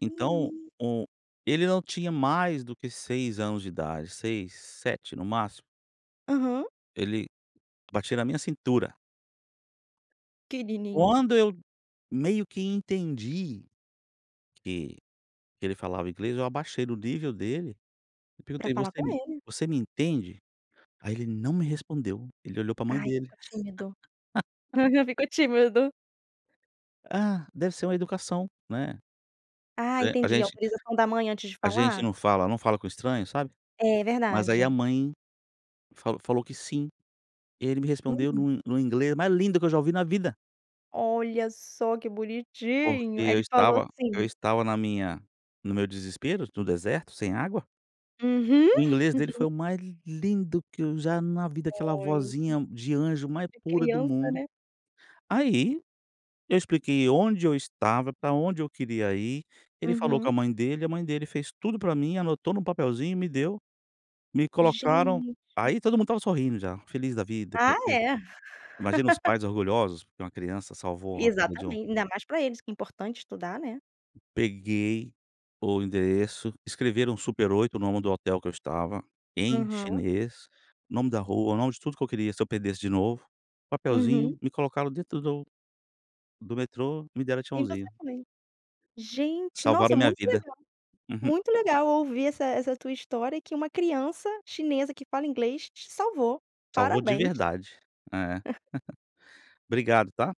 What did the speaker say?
Então, Menino. o ele não tinha mais do que 6 anos de idade, 6, 7 no máximo. Aham. Ele batia na minha cintura. Pequenininho. Quando eu meio que entendi, que que ele falava inglês, eu abaixei do nível dele, eu Para perguntei: falar "Você com me ele. você me entende"? Aí ele não me respondeu, ele olhou para mãe Ai, dele. ficou tímido, aham, ficou tímido. Ah, deve ser uma educação, né, Ah a entendi, gente autorização da mãe antes de a gente falar? não fala, não fala com estranhos, sabe, É mas aí a verdade. mãe, falou falou que sim, e ele me respondeu Hum. no no inglês mais lindo que eu já ouvi na vida. Olha só, que Porque bonitinho eu ele falou estava eu sim. estava na minha no meu desespero, no deserto, sem água. Uhum. O inglês dele, foi o mais lindo que eu já na vida, aquela Oi, vozinha de anjo, mais é pura do criança, mundo. né. Aí, eu expliquei onde eu estava, para onde eu queria ir, ele falou com a Uhum. mãe dele, a mãe dele fez tudo para mim. Anotou em um papelzinho, e me deu, me colocaram Gente! aí todo mundo estava sorrindo já, feliz da vida Ah porque, é! imagina os pais orgulhosos porque uma criança salvou a vida de um Exatamente, ainda mais para eles que é importante estudar, né. Peguei o endereço, escreveram Super 8 o nome do hotel que eu estava, em Uhum. chinês, o nome da rua, o nome de tudo que eu queria, se eu perdesse de novo, papelzinho, Uhum. me colocaram dentro do do metrô, me deram E você tchauzinho. também. Gente, Salvaram nossa, a minha muito vida, legal, uhum. muito legal ouvir essa essa tua história, que uma criança chinesa, que fala inglês te salvou, Salvou de parabéns. verdade, eh, obrigado, tá.